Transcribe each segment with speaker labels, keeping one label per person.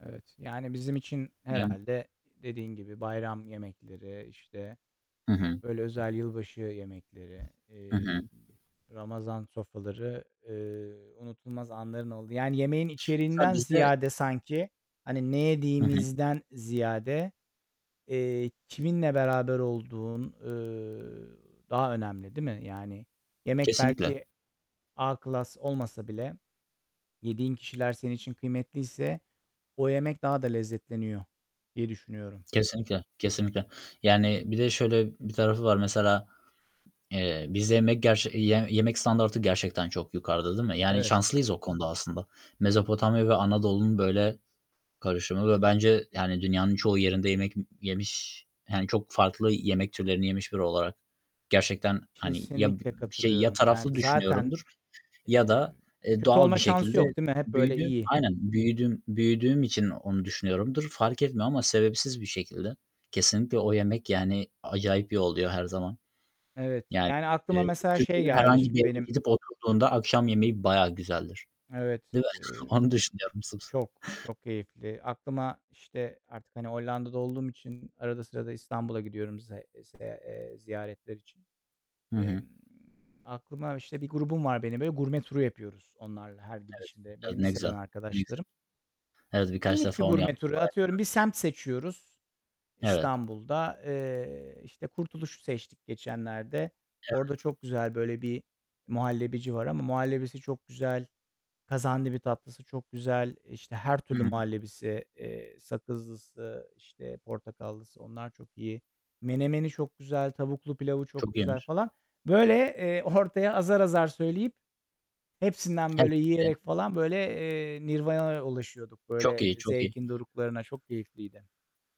Speaker 1: Evet, yani, bizim için
Speaker 2: Yani
Speaker 1: herhâlde dediğin gibi bayram yemekleri, işte,
Speaker 2: Hı hı.
Speaker 1: böyle, özel yılbaşı yemekleri,
Speaker 2: Hı
Speaker 1: eee,
Speaker 2: hı.
Speaker 1: iii, Ramazan sofraları, eee, unutulmaz anların olduğu Yani yemeğin
Speaker 2: Ta
Speaker 1: içeriğinden
Speaker 2: bizde
Speaker 1: ziyade sanki, hani, ne
Speaker 2: Hı hı.
Speaker 1: yediğimizden ziyade, eee, kiminle beraber olduğun, ııı, daha önemli, değil mi? Yani, yemek
Speaker 2: Kesinlikle!
Speaker 1: belki A klas olmasa bile yediğin kişiler senin için kıymetliyse o yemek daha da lezzetleniyor, diye düşünüyorum.
Speaker 2: Kesinlikle, kesinlikle! Yani, bir de şöyle bir tarafı var mesela, eee, bizde yemek gerç yiyen, yemek standardı gerçekten çok yukarıda, değil mi? Yani
Speaker 1: Evet.
Speaker 2: şanslıyız o konuda aslında. Mezopotamya ve Anadolu'nun böyle karışımı ve bence, yani, dünyanın çoğu yerinde yemek yemiş, yani, çok farklı yemek türlerini yemiş biri olarak gerçekten, hani, ya b
Speaker 1: Kesinlikle
Speaker 2: bir şey ya
Speaker 1: katılıyorum! Yani,
Speaker 2: taraflı
Speaker 1: zaten,
Speaker 2: düşünüyorumdur ya
Speaker 1: eee,
Speaker 2: da, eee,
Speaker 1: kötü
Speaker 2: doğal
Speaker 1: olma
Speaker 2: bir
Speaker 1: şansı
Speaker 2: şekilde
Speaker 1: yok, değil mi? Hep, böyle,
Speaker 2: büyüdüğüm
Speaker 1: iyi.
Speaker 2: Aynen. Büyüdüğüm, büyüdüğüm için onu düşünüyorumdur. Fark etmiyor ama sebepsiz bir şekilde kesinlikle o yemek, yani, acayip iyi oluyor her zaman.
Speaker 1: Evet,
Speaker 2: Yani,
Speaker 1: yani, aklıma
Speaker 2: eee,
Speaker 1: mesela şey
Speaker 2: Türkiye'de
Speaker 1: geldi, ş
Speaker 2: herhangi bir yere
Speaker 1: benim.
Speaker 2: gidip oturduğunda akşam yemeği bayağı güzeldir,
Speaker 1: Evet,
Speaker 2: değil mi?
Speaker 1: eee,
Speaker 2: Onu düşünüyorum sırf.
Speaker 1: çok, çok keyifli. Aklıma, işte, artık, hani, Hollanda'da olduğum için arada sırada İstanbul'a gidiyorum ze ze eee, ziyaretler için.
Speaker 2: Hı hı.
Speaker 1: Emm, aklıma, işte, bir grubum var benim, böyle gurme turu yapıyoruz onlarla her
Speaker 2: Evet,
Speaker 1: gidişimde.
Speaker 2: evet,
Speaker 1: Benim
Speaker 2: ne
Speaker 1: liseden
Speaker 2: güzel! Ne güzel!
Speaker 1: arkadaşlarım.
Speaker 2: Evet, birkaç
Speaker 1: Minik bir
Speaker 2: defa onu
Speaker 1: gurme
Speaker 2: yaptım.
Speaker 1: turu.
Speaker 2: Bayağı güzel
Speaker 1: Atıyorum, bir
Speaker 2: bir şey.
Speaker 1: semt seçiyoruz
Speaker 2: Evet.
Speaker 1: İstanbul'da. Eee, işte Kurtuluş'u seçtik geçenlerde. Orada
Speaker 2: Evet.
Speaker 1: çok güzel böyle bir muhallebici var ama muhallebisi çok güzel, kazandibi tatlısı çok güzel, işte, her türlü
Speaker 2: Hı hı.
Speaker 1: muhallebisi, eee, sakızlısı, işte, portakallısı, onlar çok iyi. Menemeni çok güzel. Tavuklu pilavı çok
Speaker 2: Çok
Speaker 1: güzel
Speaker 2: yenir.
Speaker 1: falan. Böyle, eee, ortaya azar azar söyleyip hepsinden böyle yiyerek
Speaker 2: [unintelligible]
Speaker 1: falan, böyle, eee, nirvanaya ulaşıyorduk,
Speaker 2: Çok
Speaker 1: böyle,
Speaker 2: iyi, çok iyi!
Speaker 1: zevkin doruklarına. Çok keyifliydi.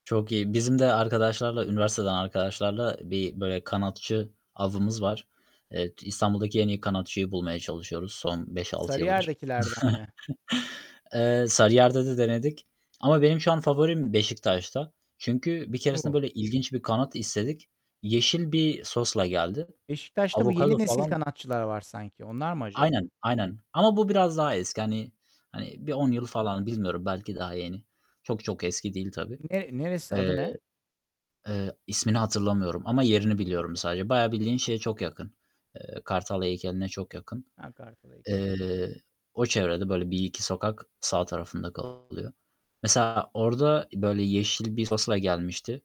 Speaker 2: Çok iyi! Bizim de arkadaşlarla, üniversiteden arkadaşlarla bir böyle kanatçı avımız var. Eee, İstanbul'daki en iyi kanatçıyı bulmaya çalışıyoruz son 5-6 yıldır.
Speaker 1: Sarıyer'dekilerden mi?
Speaker 2: Eee, Sarıyer'de de denedik ama benim şu an favorim Beşiktaş'ta. Çünkü bir keresinde
Speaker 1: O!
Speaker 2: böyle ilginç bir kanat istedik. Yeşil bir sosla geldi.
Speaker 1: Beşiktaş'ta bu
Speaker 2: Avokado
Speaker 1: "yeni nesil
Speaker 2: falan
Speaker 1: kanatçılar" var sanki. Onlar mı acaba?
Speaker 2: Aynen, aynen! Ama bu biraz daha eski. Hani hani bir 10 yıl falan. Bilmiyorum, belki daha yeni. Çok çok eski değil tabii.
Speaker 1: Ne? Neresi? Adı
Speaker 2: Eee
Speaker 1: ne?
Speaker 2: eee, ismini hatırlamıyorum ama
Speaker 1: İsmini hat
Speaker 2: yerini biliyorum sadece. Bayağı bildiğin şeye çok yakın. Eee, Kartal Heykeli'ne çok yakın.
Speaker 1: He, Kartal Heykeli'ne çok
Speaker 2: Eee,
Speaker 1: yakın.
Speaker 2: o çevrede, böyle 1-2 sokak sağ tarafında kalıyor. Mesela orada böyle yeşil bir sosla gelmişti.